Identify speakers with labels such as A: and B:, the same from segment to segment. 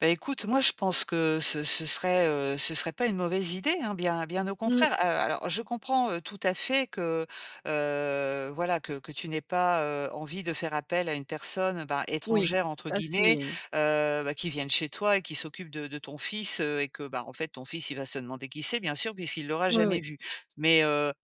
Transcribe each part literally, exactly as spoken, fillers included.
A: Bah, écoute, moi, je pense que ce ce serait, heu, ce serait pas une mauvaise idée, hein, bien bien au
B: Mmh.
A: contraire, heu, alors je comprends, heu, tout à fait que, heu, voilà, que que tu n'aies pas, heu, envie de faire appel à une personne, ben,
B: Oui,
A: «étrangère» entre
B: ça
A: guillemets,
B: c'est, mmh
A: heu, bah, qui vienne chez toi et qui s'occupe de de ton fils, heu, et que, ben, en fait, ton fils, il va se demander qui c'est, bien sûr, puisqu'il l'aura
B: Ouais,
A: jamais
B: oui.
A: vu mais heu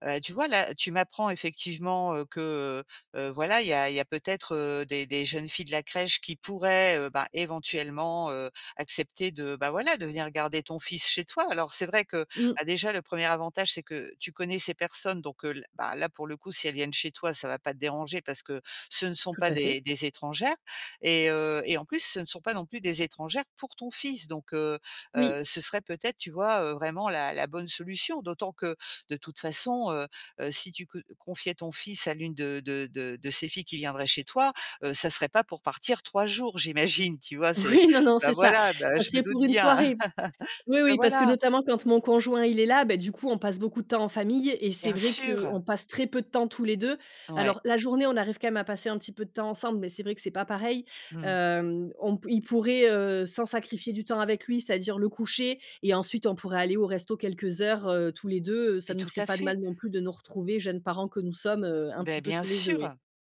A: heu, et tu vois? Là, tu m'apprends, effectivement, heu, que, heu heu, voilà il y a il y a peut-être, heu, des des jeunes filles de la crèche qui pourraient, heu, ben, éventuellement, heu, accepter de, bah, voilà, de venir garder ton fils chez toi. Alors c'est vrai que,
B: Mmh.
A: bah, déjà le premier avantage c'est que tu connais ces personnes donc heu, l ben, là, pour le coup, si elles viennent chez toi, ça va pas te déranger parce que ce ne sont
B: Tout
A: pas
B: à fait.
A: des des étrangères et heu, et en plus, ce ne sont pas non plus des étrangères pour ton fils donc heu
B: Oui.
A: heu, ce serait peut-être, tu vois? Heu, vraiment la la bonne solution. D'autant que de toute façon, heu heu, si tu c heu, confiais ton fils à l'une de de de de ces filles qui viendraient chez toi, heu, ça serait pas pour partir trois jours, j'imagine, tu vois? C'est
B: Oui, non, non,
A: bah,
B: c'est ça,
A: voilà, bah heu,
B: ça
A: je me
B: serait
A: doute
B: pour une
A: bien,
B: soirée. Oui,
A: bah,
B: oui, parce que
A: voilà!
B: notamment quand mon conjoint, il est là, bah, du coup, on passe beaucoup de temps en famille et c'est
A: Bien
B: vrai
A: sûr.
B: qu'on passe très peu de temps tous les deux.
A: Ouais.
B: Alors la journée, on arrive quand même à passer un petit peu de temps ensemble mais c'est vrai que c'est pas pareil,
A: Mmh mh.
B: hem, on p il pourrait, heu, sans sacrifier du temps avec lui, c'est-à-dire le coucher et ensuite on pourrait aller au resto quelques heures, heu, tous les deux, heu, ça
A: Mais
B: nous
A: tout
B: ferait
A: à
B: pas de
A: fait.
B: mal non plus de nous retrouver, jeunes parents que nous sommes, heu, un petit
A: Beh,
B: peu
A: bien
B: tous les deux, oui.
A: sûr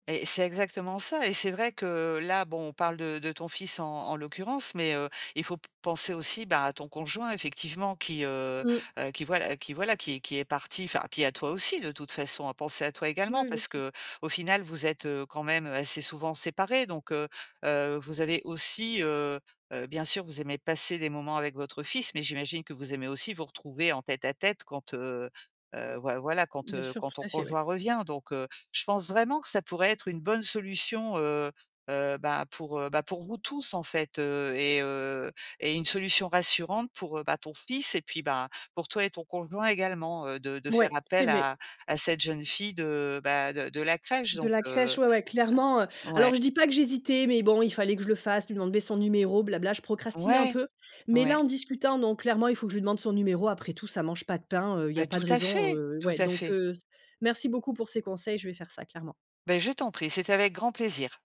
A: et et c'est exactement ça et c'est vrai que, là, bon, on parle de de ton fils en en l'occurrence mais heu, il faut p penser aussi, ben, à ton conjoint effectivement qui, heu
B: Mmh.
A: heu, qui voi qui voilà qui est qui est parti, enfin, puis à toi aussi de toute façon, à penser à toi
B: Oui,
A: également
B: oui, bien
A: parce
B: sûr.
A: qu'au final, vous êtes, heu, quand même, heu, assez souvent séparés, donc heu, heu, vous avez aussi, heu heu, bien sûr, vous aimez passer des moments avec votre fils mais j'imagine que vous aimez aussi vous retrouver en tête à tête quand, heu heu, voi voilà, quand,
B: Bien
A: heu,
B: sûr,
A: quand
B: tout
A: ton
B: à fait, ouais.
A: conjoint revient, donc heu, je pense vraiment que ça pourrait être une bonne solution, heu heu, ben, pour, heu, ben, pour vous tous, en fait, heu, et heu, et une solution rassurante pour, heu, bah, ton fils et puis, ben, pour toi et ton conjoint également, heu, de de faire
B: Ouais, c'est
A: appel
B: vrai.
A: à à cette jeune fille de, bah, de de la crèche,
B: De
A: donc
B: la
A: heu
B: crèche, ouais, ouais, clairement, heu
A: ouais.
B: alors je dis pas que j'hésitais mais bon, il fallait que je le fasse, lui demander son numéro, blabla, je procrastinais un
A: Ouais!
B: peu mais là,
A: Ouais.
B: en discutant, non, clairement, il faut que je lui demande son numéro après tout ça mange pas de pain, heu, il y
A: Beh,
B: a pas
A: tout
B: de
A: à
B: raison,
A: fait!
B: heu,
A: Tout
B: ouais
A: à
B: donc
A: fait.
B: heu, c merci beaucoup pour ces conseils, je vais faire ça, clairement.
A: Beh, je t'en prie, c'était avec grand plaisir.